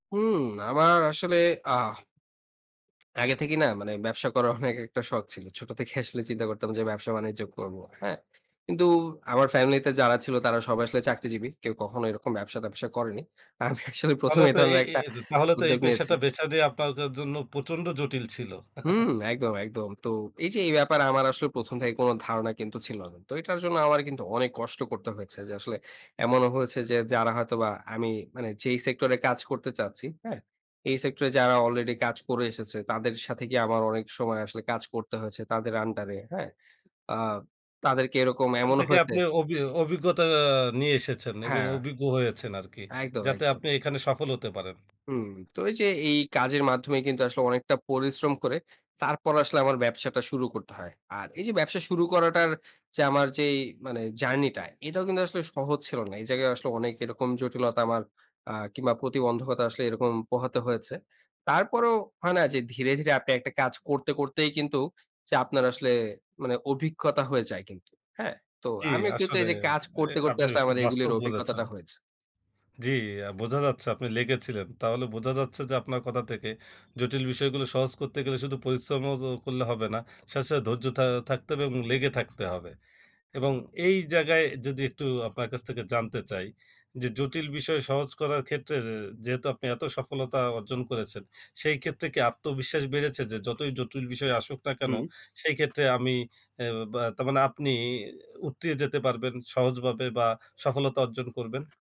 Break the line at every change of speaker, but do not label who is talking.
হুম, আমার আসলে, অ্যাহ আগে থেকেই না মানে ব্যবসা করার অনেক একটা শখ ছিল। ছোট থেকে আসলে চিন্তা করতাম যে ব্যবসা বাণিজ্য করব। হ্যাঁ। কিন্তু আমার ফ্যামিলি তে যারা ছিল তারা সবাই আসলে চাকরিজীবী। কেউ কখনো এরকম ব্যবসা-ট্যাবসা করেনি। আমি অ্যাকচুয়ালি ১ম
তাহলে
এ
তো এ
ধরনের
এই
একটা
এ, তাহলে তো এই
উদ্যোগ নিয়েছি।
পেশাটা বেছে নেয়া আপনার [unintelligible] জন্য প্রচন্ড জটিল ছিল।
হুম একদম, একদম। তো এই যে এই ব্যাপারে আমার আসলে ১ম থেকে কোন ধারণা কিন্তু ছিল না। তো এটার জন্য আমার কিন্তু অনেক কষ্ট করতে হয়েছে। যে আসলে এমনও হয়েছে যে যারা হয়তোবা আমি মানে যেই সেক্টর এ কাজ করতে চাচ্ছি, হ্যাঁ? এই সেক্টরে যারা অলরেডি কাজ করে এসেছে তাদের সাথে কি আমার অনেক সময় আসলে কাজ করতে হয়েছে তাদের আন্ডার এ, হ্যাঁ? অ্যা তাদেরকে এরকম
এখান
এমন
থেকে
হয়েছে
আপনি অভি অভিজ্ঞতা আ নিয়ে এসেছেন এবং
হ্যাঁ।
অভিজ্ঞ হয়েছেন আরকি।
একদম,
যাতে
একদম।
আপনি এখানে সফল হতে পারেন।
হুম, তো এই যে এই কাজের মাধ্যমে কিন্তু আসলে অনেকটা পরিশ্রম করে, তারপর আসলে আমার ব্যবসাটা শুরু করতে হয়। আর এই যে ব্যবসা শুরু করাটার যে আমার যেই মানে জার্নি টা এটাও কিন্তু আসলে সহজ ছিল না এই জায়গায় আসলে অনেক এরকম জটিলতা আমার অ্যা কিংবা প্রতিবন্ধকতা আসলে এরকম পোহাতে হয়েছে। তারপরেও হয় না যে ধীরে, ধীরে, আপনি একটা কাজ করতে, করতেই, কিন্তু যে আপনার আসলে মানে অভিজ্ঞতা হয়ে যায় কিন্তু। হ্যাঁ? তো
জী
আমিও কিন্তু
আসলে,
এই যে কাজ
এ
করতে, করতে,
আপনি
আসলে
খুব
আমার
বাস্তব
এগুলোর
বলেছেন
অভিজ্ঞতাটা হয়েছে।
জ্বি, আ বোঝা যাচ্ছে আপনি লেগেছিলেন। তাহলে বোঝা যাচ্ছে যে আপনার কথা থেকে জটিল বিষয়গুলো সহজ করতে গেলে শুধু পরিশ্রম ও করলে হবে না, সাথে, সাথে, ধৈর্য থা থাকতে হবে এবং লেগে থাকতে হবে। এবং এই জায়গায় যদি একটু আপনার কাছ থেকে জানতে চাই, যে জটিল বিষয় সহজ করার ক্ষেত্রে যে যেহেতু আপনি এত সফলতা অর্জন করেছেন। সেই ক্ষেত্রে কি আত্মবিশ্বাস বেড়েছে? যে যতই জটিল বিষয় আসুক না কেন
হুম।
সেই ক্ষেত্রে আমি অ্যা বা তার মানে আপনি উৎতিয়ে যেতে পারবেন সহজভাবে বা সফলতা অর্জন করবেন।